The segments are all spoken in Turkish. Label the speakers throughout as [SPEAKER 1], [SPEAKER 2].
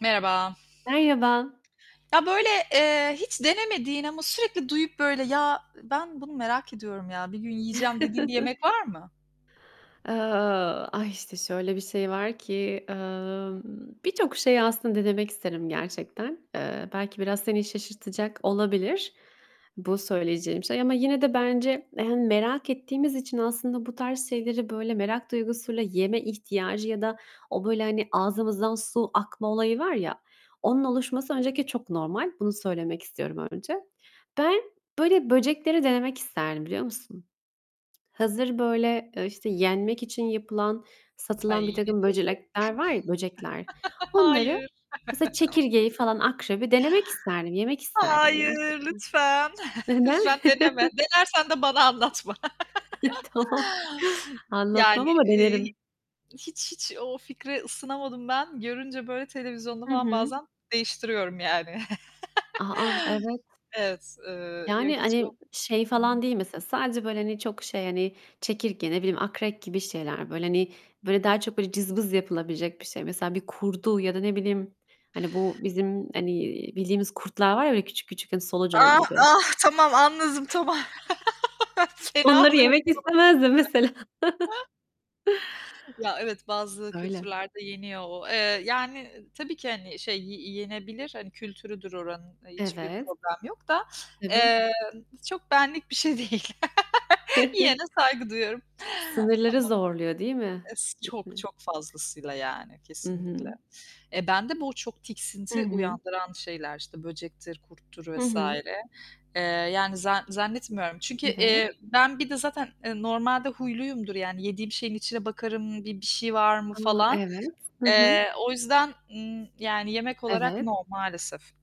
[SPEAKER 1] Merhaba.
[SPEAKER 2] Merhaba.
[SPEAKER 1] Ya, böyle, eee, hiç denemediğin ama sürekli duyup böyle "Ya, ben bunu merak ediyorum, ya, bir gün yiyeceğim" dediğin bir yemek var mı?
[SPEAKER 2] Eee, ay, işte, şöyle bir şey var ki, eee, birçok şeyi aslında denemek isterim gerçekten. Eee, belki biraz seni şaşırtacak olabilir bu söyleyeceğim şey ama yine de bence, hani, merak ettiğimiz için aslında bu tarz şeyleri böyle merak duygusuyla yeme ihtiyacı ya da o böyle, hani, ağzımızdan su akma olayı var, ya, onun oluşması öncelikle çok normal. Bunu söylemek istiyorum önce. Ben, böyle böcekleri denemek isterdim biliyor musun? Hazır böyle, eee, işte yenmek için yapılan, satılan
[SPEAKER 1] Ay, ne
[SPEAKER 2] birtakım
[SPEAKER 1] diyorsun?
[SPEAKER 2] böcekler var ya, böcekler, onları,
[SPEAKER 1] Hayır.
[SPEAKER 2] mesela, çekirgeyi falan, akrebi denemek isterdim, yemek isterdim gerçekten.
[SPEAKER 1] Hayır, lütfen.
[SPEAKER 2] Neden?
[SPEAKER 1] Lütfen, deneme. Denersen de bana anlatma.
[SPEAKER 2] Ay, tamam.
[SPEAKER 1] Yani,
[SPEAKER 2] Anlatmam ama
[SPEAKER 1] iii,
[SPEAKER 2] denerim.
[SPEAKER 1] hiç, hiç o fikre ısınamadım ben. Görünce, böyle, televizyonda
[SPEAKER 2] Hı
[SPEAKER 1] falan
[SPEAKER 2] hı.
[SPEAKER 1] bazen değiştiriyorum, yani.
[SPEAKER 2] A! A! Evet.
[SPEAKER 1] Evet, eee, ya
[SPEAKER 2] Yani,
[SPEAKER 1] hiç,
[SPEAKER 2] hani,
[SPEAKER 1] o
[SPEAKER 2] şey
[SPEAKER 1] Hı hı.
[SPEAKER 2] falan değil mesela, sadece böyle, hani, çok şey, hani, çekirge, ne bileyim, akrep gibi şeyler. Böyle, hani, böyle daha çok böyle cızbız yapılabilecek bir şey. Mesela bir kurdu ya da ne bileyim, hani, bu bizim, hani, bildiğimiz kurtlar var ya, küçük küçük hani solucan
[SPEAKER 1] Ah,
[SPEAKER 2] gibi.
[SPEAKER 1] ah, tamam, anladım tamam. Fena
[SPEAKER 2] Onları
[SPEAKER 1] oluyorum
[SPEAKER 2] yemek istemezdim
[SPEAKER 1] konuştukça.
[SPEAKER 2] mesela.
[SPEAKER 1] Ya, evet, bazı
[SPEAKER 2] Öyle.
[SPEAKER 1] kültürlerde yeniyor o, eee, yani, tabii ki, hani, şey, y yenebilir, hani, kültürüdür oranın hiçbir
[SPEAKER 2] Evet.
[SPEAKER 1] problem yok da,
[SPEAKER 2] Tabii.
[SPEAKER 1] eee, çok benlik bir şey değil. Yiyene saygı duyuyorum.
[SPEAKER 2] Sınırları
[SPEAKER 1] Tamam,
[SPEAKER 2] zorluyor değil mi?
[SPEAKER 1] es
[SPEAKER 2] Hı
[SPEAKER 1] çok
[SPEAKER 2] hı.
[SPEAKER 1] çok fazlasıyla, yani,
[SPEAKER 2] I
[SPEAKER 1] kesinlikle.
[SPEAKER 2] hı.
[SPEAKER 1] Eee, bende bu çok
[SPEAKER 2] Hı
[SPEAKER 1] tiksinti
[SPEAKER 2] hı.
[SPEAKER 1] uyandıran şeyler işte böcektir, kurttur
[SPEAKER 2] Hı
[SPEAKER 1] vs.
[SPEAKER 2] hı.
[SPEAKER 1] eee, yani, za zannetmiyorum çünkü,
[SPEAKER 2] Evet.
[SPEAKER 1] eee, ben bir de zaten, eee, normalde huyluyumdur, yani, yediğim şeyin içine bakarım, bir bir şey var mı
[SPEAKER 2] A,
[SPEAKER 1] falan.
[SPEAKER 2] evet. Hı hı.
[SPEAKER 1] Eee, o yüzden, ımm, yani, yemek olarak
[SPEAKER 2] Evet.
[SPEAKER 1] no, maalesef.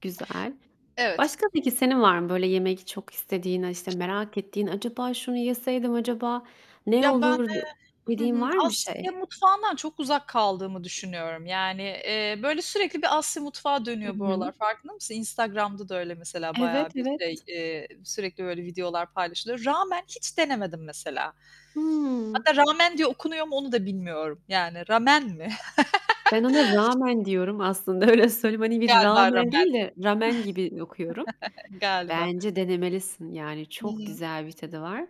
[SPEAKER 2] Güzel.
[SPEAKER 1] Evet.
[SPEAKER 2] Başka, peki, senin var mı böyle yemek çok istediğin, a, işte merak ettiğin "Acaba şunu yeseydim, acaba ne
[SPEAKER 1] Ya, ben,
[SPEAKER 2] olurdu?"
[SPEAKER 1] eee, hı
[SPEAKER 2] dediğin
[SPEAKER 1] hı,
[SPEAKER 2] var mı bir şey?
[SPEAKER 1] Asya mutfağından çok uzak kaldığımı düşünüyorum. Yani, eee, böyle sürekli bir Asya mutfağı
[SPEAKER 2] Hı
[SPEAKER 1] dönüyor bu aralar,
[SPEAKER 2] hı.
[SPEAKER 1] farkında mısın? Instagram'da da öyle mesela
[SPEAKER 2] Evet,
[SPEAKER 1] bayağı bir şey,
[SPEAKER 2] evet.
[SPEAKER 1] eee, sürekli böyle videolar paylaşılıyor. Ramen hiç denemedim mesela.
[SPEAKER 2] Hıı.
[SPEAKER 1] Hatta ramen diye okunuyor mu, onu da bilmiyorum. Yani ramen mi?
[SPEAKER 2] Ben ona ramen diyorum aslında, öyle söyleyeyim. Hani, bir
[SPEAKER 1] Galiba,
[SPEAKER 2] rağmen
[SPEAKER 1] ramen.
[SPEAKER 2] değil de ramen gibi okuyorum.
[SPEAKER 1] Galiba.
[SPEAKER 2] Bence denemelisin, yani,
[SPEAKER 1] Hı
[SPEAKER 2] çok
[SPEAKER 1] hı.
[SPEAKER 2] güzel bir tadı var.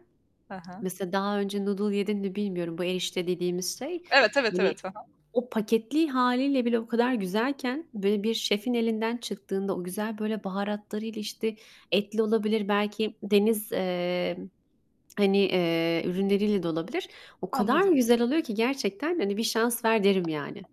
[SPEAKER 1] Ha ha.
[SPEAKER 2] Mesela daha önce noodle yedin mi bilmiyorum, bu erişte dediğimiz şey,
[SPEAKER 1] Evet, evet,
[SPEAKER 2] hani,
[SPEAKER 1] evet. Hı hı.
[SPEAKER 2] o paketli hâliyle bile o kadar güzelken, böyle bir şefin elinden çıktığında, o güzel böyle baharatlarıyla, işte, etli olabilir, belki deniz, emm, hani, eee, ürünleriyle de olabilir, o kadar
[SPEAKER 1] Anladım.
[SPEAKER 2] güzel oluyor ki gerçekten, hani, bir şans ver derim, yani.